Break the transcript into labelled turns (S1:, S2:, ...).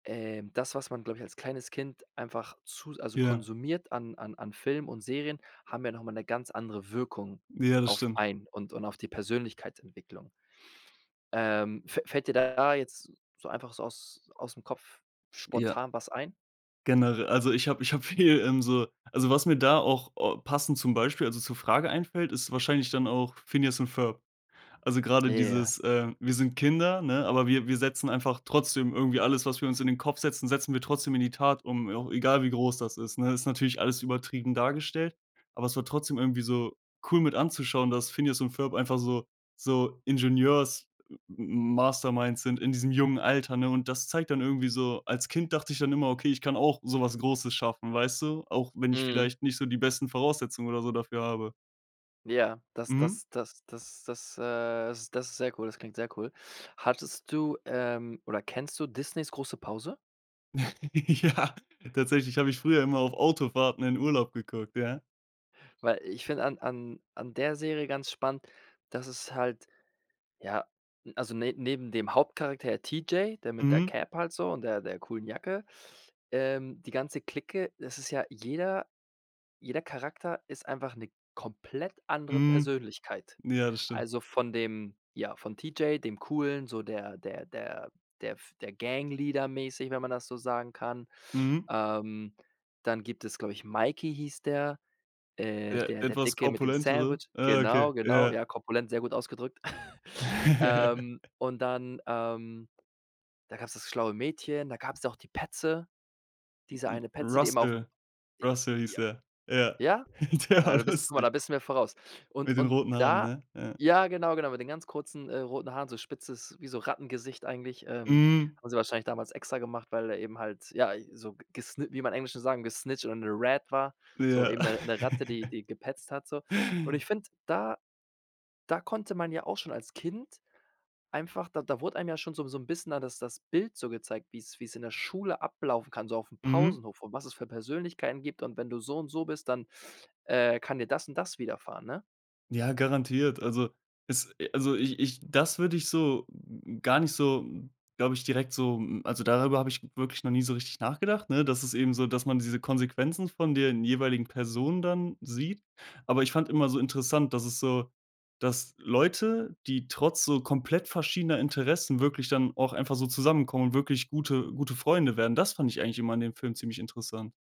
S1: Ähm, das, was man, glaube ich, als kleines Kind einfach zu s also
S2: Ja.
S1: konsumiert an an an Film und Serien, haben ja noch mal 'ne ganz andere Wirkung
S2: Ja, das
S1: auf
S2: stimmt.
S1: einen, und und auf die Persönlichkeitsentwicklung. Ähm, fä fällt dir da jetzt so einfach aus ausm Kopf
S2: Ja.
S1: spontan was ein?
S2: Genere Also ich habe ich habe viel, ähm, so also, was mir da auch passend zum Beispiel, also zur Frage einfällt, ist wahrscheinlich dann auch „Phineas and Ferb“. Also grade
S1: Ja.
S2: dieses, äh: „Wir sind Kinder, ne, aber wir wir setzen einfach trotzdem irgendwie alles, was wir uns in den Kopf setzen setzen wir trotzdem in die Tat um, au egal wie groß das ist“, ne? Ist natürlich alles übertrieben dargestellt, aber es war trotzdem irgendwie so cool mit anzuschauen, dass Phineas und Ferb einfach so so Ingenieurs-Masterminds sind in diesem jungen Alter, ne? Und das zeigt dann irgendwie so als Kind dachte ich dann immer: „Okay, ich kann auch so was Großes schaffen.“ Weißt du? Auch wenn ich
S1: Mhm.
S2: vielleicht nicht so die besten Voraussetzungen oder so dafür habe.
S1: Ja, das
S2: Mhm.
S1: das das das das, äh, is das ist sehr cool. Das klingt sehr cool. Hattest du, ähm, oder kennst du Disney's „Große Pause“?
S2: Ja, tatsächlich, habe ich früher immer auf Autofahrten in Urlaub geguckt, ja.
S1: Weil ich find an an an der Serie ganz spannend, dass es halt, ja also ne neben dem Hauptcharakter T. J. der mit der
S2: Mhm.
S1: Cap halt so und der der coolen Jacke ähm, die ganze Clique das ist ja jeder jeder Charakter ist einfach 'ne komplett andere
S2: Mhm.
S1: Persönlichkeit.
S2: Ja, das stimmt.
S1: Also von dem, ja, von T. J., dem Coolen, so der der der der f der Gangleader mäßig, wenn man das so sagen kann.
S2: Mhm.
S1: Ähm, dann gibt es, glaub ich Mikey hieß der, äh,
S2: Der
S1: der der
S2: etwas
S1: Dicke mit dem
S2: korpulentere?
S1: Sandwich.
S2: Ah, okay,
S1: Genau, genau.
S2: ja.
S1: Ja, korpulent- sehr gut ausgedrückt. Ähm, und dann, ähm da gab's das schlaue Mädchen, da gab's auch die Petze, diese eine Petze, die immer
S2: Russel.
S1: aufm
S2: Russel, hieß
S1: Ja.
S2: der. Ja.
S1: Ja?
S2: Der
S1: Ja,
S2: war
S1: du bist guck mal,
S2: lustig.
S1: da bist du mir voraus. Und
S2: Mit den
S1: und
S2: roten Haaren,
S1: da
S2: ne? Ja.
S1: ja, genau, genau, mit den ganz kurzen, äh, roten Haaren so spitzes, wie so Rattengesicht eigentlich, ähm
S2: Mhm.
S1: haben sie wahrscheinlich damals extra gemacht, weil der eben halt, ja, so gesni wie man im Englischen sagen „gesnitcht“ oder 'ne „rat“ war, so
S2: Ja.
S1: eben 'ne 'ne Ratte, die die gepetzt hat so. Und ich finde, da da konnte man ja auch schon als Kind einfach da da wurde einem ja schon so 'n so 'n bisschen da das das Bild so gezeigt, wie's wie's in der Schule ablaufen kann, so aufm
S2: Mhm.
S1: Pausenhof und was es für Persönlichkeiten gibt. Und wenn du so und so bist, dann, äh, kann dir das und das widerfahren, ne?
S2: Ja, garantiert. Also, es also, ich ich das würde ich so gar nicht so, glaube ich, direkt so hm, also darüber habe ich wirklich noch nie so richtig nachgedacht, ne? Dass es eben so dass man diese Konsequenzen von den jeweiligen Personen dann sieht. Aber ich fand immer so interessant, dass es so dass Leute, die trotz so komplett verschiedener Interessen wirklich dann auch einfach so zusammenkommen und wirklich gute gute Freunde werden, das fand ich eigentlich immer an dem Film ziemlich interessant.